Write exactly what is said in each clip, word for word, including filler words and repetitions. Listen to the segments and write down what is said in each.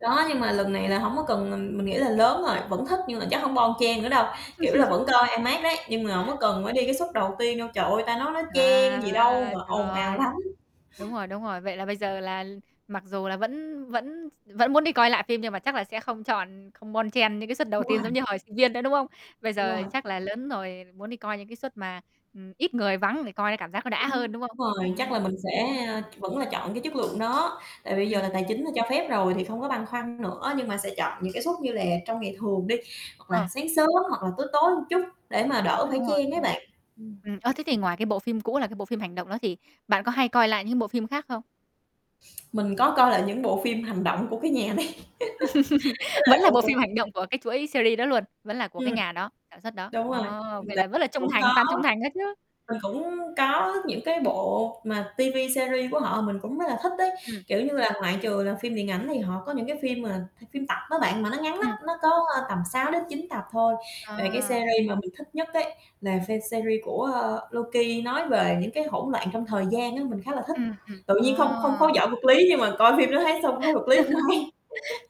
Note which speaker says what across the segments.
Speaker 1: Đó, nhưng mà lần này là hổng có cần ừm, mình nghĩ là lớn rồi, vẫn thích nhưng mà chắc hổng bon chen nữa đâu, kiểu là vẫn coi IMAX đấy, nhưng mà hổng có cần phải đi cái suất đầu tiên đâu. Trời ơi, ta nói nó chen gì đâu
Speaker 2: À,
Speaker 1: mà
Speaker 2: trời
Speaker 1: ồn ào
Speaker 2: ơi.
Speaker 1: lắm.
Speaker 2: Đúng rồi, đúng rồi. Vậy là bây giờ là mặc dù là vẫn vẫn s vẫn muốn đi coi lại phim nhưng mà chắc là sẽ không chọn ừ, không bon chen những cái suất đầu
Speaker 1: Đúng rồi.
Speaker 2: tiên giống như hồi sinh viên nữa, đúng không? Bây
Speaker 1: Đúng
Speaker 2: giờ
Speaker 1: rồi.
Speaker 2: chắc là lớn rồi, muốn đi coi những cái suất mà, ừm, ít người, vắng để coi cái cảm giác nó đã hơn,
Speaker 1: Đúng
Speaker 2: đúng không?
Speaker 1: rồi.
Speaker 2: Ừm.
Speaker 1: Chắc là mình sẽ, a vẫn là chọn cái chất lượng đó, tại vì bây giờ
Speaker 2: Ừm.
Speaker 1: là tài chính là cho phép rồi thì không có băn khoăn nữa, nhưng mà sẽ chọn những cái suất như là trong ngày thường đi. Hoặc là
Speaker 2: Ừ.
Speaker 1: sáng sớm hoặc là tối, tối chút để mà đỡ phải
Speaker 2: Đúng rồi,
Speaker 1: chen
Speaker 2: đúng
Speaker 1: ấy bạn.
Speaker 2: rồi.
Speaker 1: Ừm.
Speaker 2: Ừm. Ơ, thế thì ngoài cái bộ phim cũ là cái bộ phim hành động đó thì bạn có hay coi lại những bộ phim khác không?
Speaker 1: Mình có coi lại những bộ phim hành động của cái nhà này, đó là
Speaker 2: Vẫn là
Speaker 1: cũng
Speaker 2: bộ phim
Speaker 1: cũng
Speaker 2: hành động của cái chuỗi series đó luôn, vẫn là của cái
Speaker 1: Ừm.
Speaker 2: nhà đó, sản xuất đó.
Speaker 1: Đúng
Speaker 2: Ồ!
Speaker 1: rồi,
Speaker 2: Vậy là vẫn là
Speaker 1: [unintelligible]
Speaker 2: trung
Speaker 1: cũng
Speaker 2: thành
Speaker 1: có.
Speaker 2: fan trung thành đó chứ.
Speaker 1: Mình cũng có những cái bộ mà TV series của họ, mình cũng rất là thích đấy.
Speaker 2: Ừm.
Speaker 1: Kiểu như là, ngoại trừ là phim điện ảnh thì họ có những cái phim mà phim tập đó bạn, mà nó ngắn lắm,
Speaker 2: Ừm.
Speaker 1: nó có, a, tầm sáu đến chín tập thôi. Về cái
Speaker 2: À.
Speaker 1: series mà mình thích nhất ấy, là fan series của, ơ, Loki nói về những cái hỗn loạn trong thời gian á, mình khá là thích.
Speaker 2: Ừm, ừm.
Speaker 1: Tự nhiên không không khó
Speaker 2: À.
Speaker 1: giỏi vật lý nhưng mà coi phim đó thấy xong thấy vật lý cũng hay.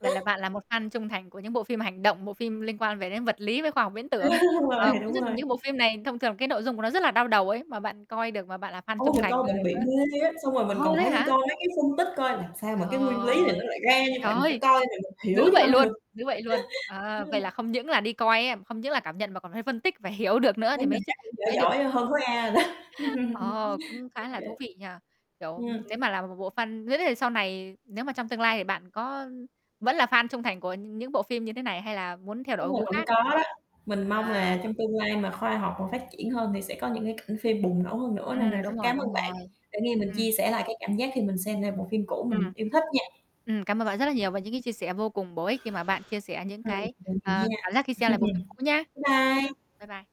Speaker 2: Vậy là bạn là một fan trung thành của những bộ phim hành động, bộ phim liên quan về đến vật lý, với khoa học viễn
Speaker 1: Á,
Speaker 2: tưởng.
Speaker 1: đúng rồi,
Speaker 2: Ờ, cũng
Speaker 1: đúng
Speaker 2: rất là
Speaker 1: rồi.
Speaker 2: những bộ phim này thông thường cái nội dung của nó rất là đau đầu ấy, mà bạn coi được mà bạn là fan
Speaker 1: Ô,
Speaker 2: trung
Speaker 1: mình
Speaker 2: thành
Speaker 1: coi mình bị
Speaker 2: [unintelligible]
Speaker 1: mê á, xong rồi mình
Speaker 2: Ồ,
Speaker 1: còn
Speaker 2: thế
Speaker 1: phải đi
Speaker 2: hả?
Speaker 1: coi mấy cái phân tích coi làm sao mà cái nguyên lý này nó
Speaker 2: Trời,
Speaker 1: lại ra như
Speaker 2: trời
Speaker 1: vậy, mình phải
Speaker 2: ơi!
Speaker 1: coi [unintelligible] mình hiểu
Speaker 2: Dữ
Speaker 1: cho
Speaker 2: vậy
Speaker 1: bằng
Speaker 2: luôn,
Speaker 1: được.
Speaker 2: dữ vậy luôn. Ờ,
Speaker 1: Ừm.
Speaker 2: vậy là không những là đi coi á không những là cảm nhận mà còn phải phân tích và hiểu được nữa
Speaker 1: Thấy
Speaker 2: thì mới
Speaker 1: mình
Speaker 2: ch
Speaker 1: chắc cũng
Speaker 2: thì
Speaker 1: giỏi
Speaker 2: mới được.
Speaker 1: giỏi hơn khối A rồi đó.
Speaker 2: Ờ, cũng
Speaker 1: Ô
Speaker 2: khá là
Speaker 1: kê.
Speaker 2: thú vị nhỉ? Kiểu, ừm,
Speaker 1: Ừm.
Speaker 2: nếu mà là một bộ fan [unintelligible] sau này nếu mà trong tương lai thì bạn có vẫn là fan trung thành của nh những bộ phim như thế này, hay là muốn theo đổi
Speaker 1: Đúng rồi,
Speaker 2: gu
Speaker 1: vẫn
Speaker 2: khác?
Speaker 1: có đó, mình mong
Speaker 2: À.
Speaker 1: là trong tương lai mà khoa học mà phát triển hơn thì sẽ có những cái cảnh phim bùng nổ hơn nữa. Nên nà
Speaker 2: Ừm,
Speaker 1: rất
Speaker 2: đúng rồi,
Speaker 1: cám ơn
Speaker 2: đúng
Speaker 1: bạn
Speaker 2: rồi.
Speaker 1: đã nghe mình
Speaker 2: Ừm.
Speaker 1: chia sẻ lại cái cảm giác khi mình xem lại bộ phim cũ mình
Speaker 2: Ừm.
Speaker 1: yêu thích nha.
Speaker 2: Ừm, cảm ơn bạn rất là nhiều về những cái chia sẻ vô cùng bổ ích khi mà bạn chia sẻ những
Speaker 1: Ừm.
Speaker 2: cái,
Speaker 1: Vậy thì
Speaker 2: ờ,
Speaker 1: nha.
Speaker 2: cảm giác khi xem lại bộ phim cũ nhá.
Speaker 1: Bye bye.
Speaker 2: Bye bye.